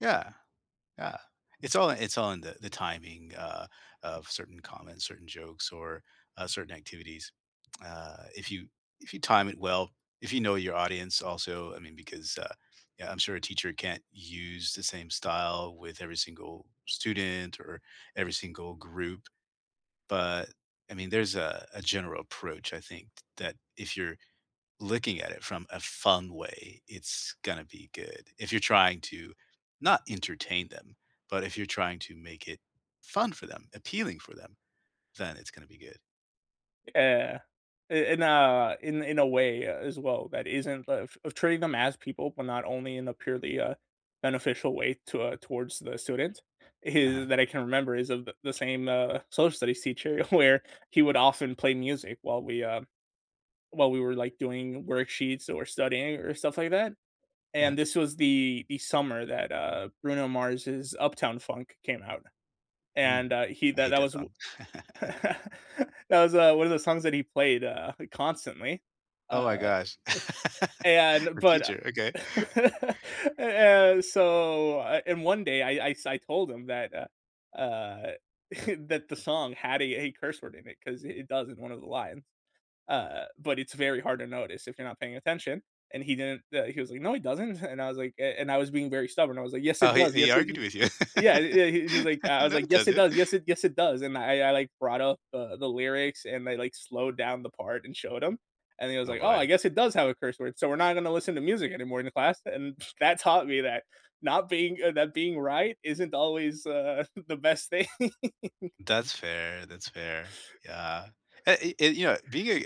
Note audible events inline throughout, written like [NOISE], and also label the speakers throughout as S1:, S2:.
S1: Yeah, yeah, it's all in it's all in the the timing, uh, of certain comments, certain jokes, or, uh, certain activities. [TSK] Uh, if you if you time it well, if you know your audience also, I mean, because, uh Yeah, I'm sure a teacher can't use the same style with every single student or every single group, but, I mean, there's a a general approach, I think th that if you're looking at it from a fun way, it's gonna be good, if you're trying to not entertain them, but if you're trying to make it fun for them, appealing for them, then it's gonna be good.
S2: Yeah, i in a in in a way, uh, as well, that isn't of of treating them as people, but not only in a purely, uh, beneficial way to, uh towards the student is
S1: Uh-huh.
S2: that I can remember is of the the same, uh, social studies teacher where he would often play music while we, um while we were, like, doing worksheets or studying or stuff like that,
S1: Uh-huh.
S2: and this was the the summer that, uh, Bruno Mars' Uptown Funk came out,
S1: Mm,
S2: and, uh, he
S1: I
S2: that
S1: hate
S2: that
S1: that
S2: was wo
S1: song. [CHUCKLES]
S2: [CHUCKLES] That was, uh, one of the songs that he played, uh, constantly,
S1: Oh my
S2: uh,
S1: gosh.
S2: [CHUCKLES]
S1: [LAUGHS]
S2: and
S1: Your
S2: but
S1: teacher Okay. [CHUCKLES]
S2: [LAUGHS] and and so I And one day, I I I sai told him that uh, uh, [CHUCKLES] that the song had a a curse word in it, 'cause it it does in one of the lines, uh, but it's very hard to notice if you're not paying attention, and he didn't uh, he was like, "No, it doesn't," [CHUCKLES] and I was, like and and I was being very stubborn, I was like, "Yes, it
S1: Oh, he
S2: does.
S1: he
S2: Yes, it
S1: argued
S2: d"
S1: with you.
S2: Yeah, i yeah, he he was like I
S1: [LAUGHS]
S2: was
S1: "No,
S2: like,
S1: it
S2: "Yes, it
S1: doesn't."
S2: does. Yes, it Yes, it does," and I I I, like, brought up, uh, the lyrics, and I, like, slowed down the part and showed him, and then he was
S1: Oh,
S2: like, "Oh, I
S1: boy.
S2: guess it does have a curse word, so we're not gonna listen to music anymore in the class," and that taught me that not being Uh, that being right isn't always, uh, the best thing.
S1: That's fair. That's fair. Yeah, and and you know, being a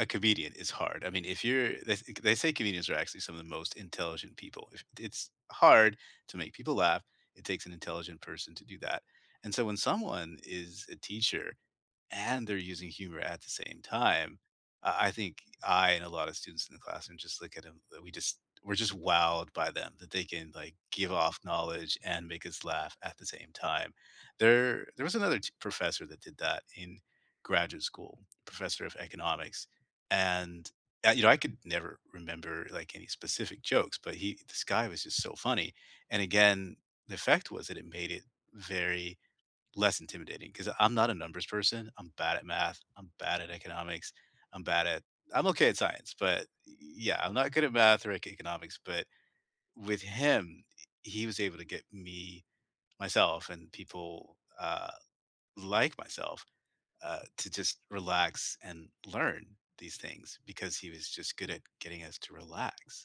S1: a comedian is hard, I mean if you're They think They say comedians are actually some of the most intelligent people, if it's hard to make people laugh, it takes an intelligent person to do that, and so, when someone is a teacher, and they're using humor at the same time, I I think, I and a lot of students in the classroom, just look at 'em, uh, we just we're just wowed by them, that they can, like, give off knowledge and make us laugh at the same time. There there was another t professor that did that in graduate school, Professor of Economics, and, uh, you know, I could never remember, like, any specific jokes, but he This guy was just so funny, and again, the fact was that it made it very less intimidating, 'cause I'm not a numbers person, I'm bad at Math, I'm bad at Economics, I'm bad at I'm okay at Science, but y yeah, I'm not good at Math or Eco Economics, but with him, he he was able to get me myself and people, uh, like, myself, uh, to just relax and learn these things, because he was just good at getting us to relax.